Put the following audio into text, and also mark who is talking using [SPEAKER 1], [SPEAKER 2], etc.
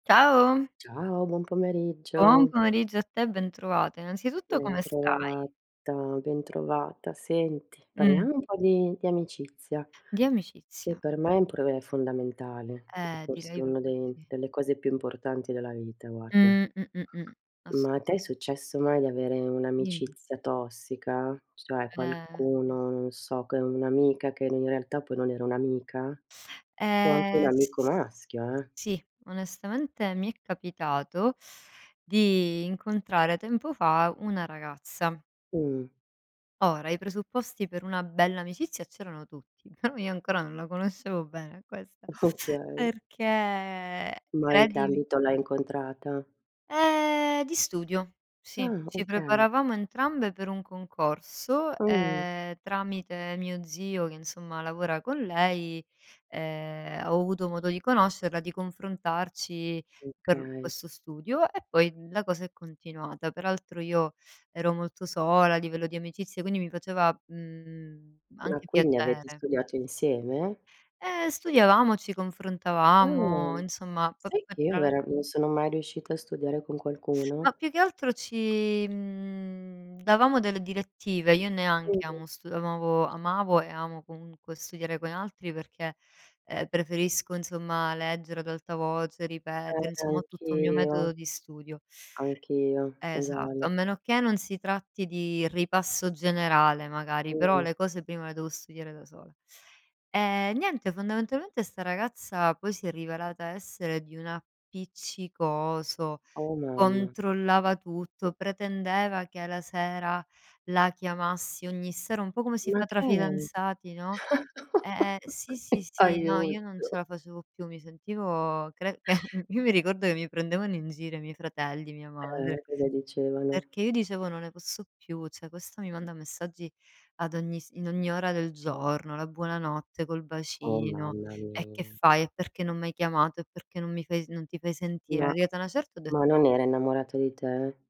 [SPEAKER 1] Ciao.
[SPEAKER 2] Ciao, buon
[SPEAKER 1] Buon
[SPEAKER 2] pomeriggio.
[SPEAKER 1] pomeriggio a te e ben trovate. Innanzitutto come stai?
[SPEAKER 2] Bentrovata, bentrovata. Senti,
[SPEAKER 1] Mh.
[SPEAKER 2] parliamo un po' di di amicizia
[SPEAKER 1] Di
[SPEAKER 2] che
[SPEAKER 1] amicizia o
[SPEAKER 2] per me è un problema fondamentale e
[SPEAKER 1] Eh
[SPEAKER 2] forse
[SPEAKER 1] direi
[SPEAKER 2] una
[SPEAKER 1] proprio
[SPEAKER 2] de
[SPEAKER 1] di sì.
[SPEAKER 2] delle cose più importanti della vita, guarda.
[SPEAKER 1] Mh-mh-mh-mh,
[SPEAKER 2] Ma a te è
[SPEAKER 1] assoluta
[SPEAKER 2] successo mai di avere
[SPEAKER 1] Dimmi.
[SPEAKER 2] un'amicizia tossica? Cioè
[SPEAKER 1] Eh.
[SPEAKER 2] qualcuno, non so, che è un'amica che in realtà poi non era un'amica? O anche un
[SPEAKER 1] Ehm, s
[SPEAKER 2] amico
[SPEAKER 1] s
[SPEAKER 2] maschio, eh!
[SPEAKER 1] sì. Onestamente mi è capitato di incontrare tempo fa una ragazza.
[SPEAKER 2] Mh.
[SPEAKER 1] Ora, i presupposti per una bella amicizia c'erano tutti, però io ancora non la conoscevo bene a questa,
[SPEAKER 2] Okay.
[SPEAKER 1] perché,
[SPEAKER 2] Ma in che
[SPEAKER 1] credimi
[SPEAKER 2] ambito l'hai incontrata?
[SPEAKER 1] Ehm, di studio, sì.
[SPEAKER 2] Ah!
[SPEAKER 1] Ci
[SPEAKER 2] Okay.
[SPEAKER 1] preparavamo entrambe per un concorso
[SPEAKER 2] Ah, uhm.
[SPEAKER 1] e tramite mio zio che insomma lavora con lei, ehm, ho avuto modo di conoscerla, di confrontarci per
[SPEAKER 2] Okay.
[SPEAKER 1] questo studio e poi la cosa è continuata. Per altro io ero molto sola a livello di amicizia, quindi mi faceva, mhmm,
[SPEAKER 2] Ma
[SPEAKER 1] anche
[SPEAKER 2] quindi avete
[SPEAKER 1] piacere.
[SPEAKER 2] studiato insieme?
[SPEAKER 1] Ehm, studiavamo, ci confrontavamo,
[SPEAKER 2] Ah!
[SPEAKER 1] insomma,.
[SPEAKER 2] Sai che io
[SPEAKER 1] [unintelligible]
[SPEAKER 2] vera non sono mai riuscita a studiare con qualcuno?
[SPEAKER 1] Ma più che altro ci, mhmm, davamo delle direttive, io neanche
[SPEAKER 2] Mh-mh.
[SPEAKER 1] amo stu amavo amavo e amo comunque studiare con altri perché, ehm, preferisco insomma leggere ad alta voce,
[SPEAKER 2] Eh,
[SPEAKER 1] ripetere, insomma, ho tutto un mio
[SPEAKER 2] anch'io!
[SPEAKER 1] metodo di studio.
[SPEAKER 2] Anch'io,
[SPEAKER 1] Esatto, a
[SPEAKER 2] uguale.
[SPEAKER 1] meno che non si tratti di ripasso generale magari, però
[SPEAKER 2] Mh-mh.
[SPEAKER 1] le cose prima le devo studiare da sola. E niente, fondamentalmente sta ragazza poi si è rivelata essere di un appiccicoso,
[SPEAKER 2] Oh mamma!
[SPEAKER 1] controllava tutto, pretendeva che alla sera la chiamassi ogni sera, un po' come si
[SPEAKER 2] Ma
[SPEAKER 1] fa tra
[SPEAKER 2] che è?
[SPEAKER 1] fidanzati, no. E e sì, sì, sì, no, io non ce
[SPEAKER 2] Aiuto.
[SPEAKER 1] la facevo più, mi sentivo, cre che io mi ricordo che mi prendevano in giro i miei fratelli, mia
[SPEAKER 2] Eh.
[SPEAKER 1] madre,
[SPEAKER 2] E cosa dicevano?
[SPEAKER 1] perché io dicevo: "Non ne posso più, cioè questa mi manda messaggi ad ogni s in ogni ora del giorno, la buonanotte col
[SPEAKER 2] Oh,
[SPEAKER 1] bacino.
[SPEAKER 2] mamma
[SPEAKER 1] E che
[SPEAKER 2] mia!
[SPEAKER 1] fai? E perché non m'hai chiamato? E perché non mi fai non ti fai sentire?"
[SPEAKER 2] Ma
[SPEAKER 1] Arrivata una certa ho
[SPEAKER 2] ma
[SPEAKER 1] detto
[SPEAKER 2] non era innamorata di te?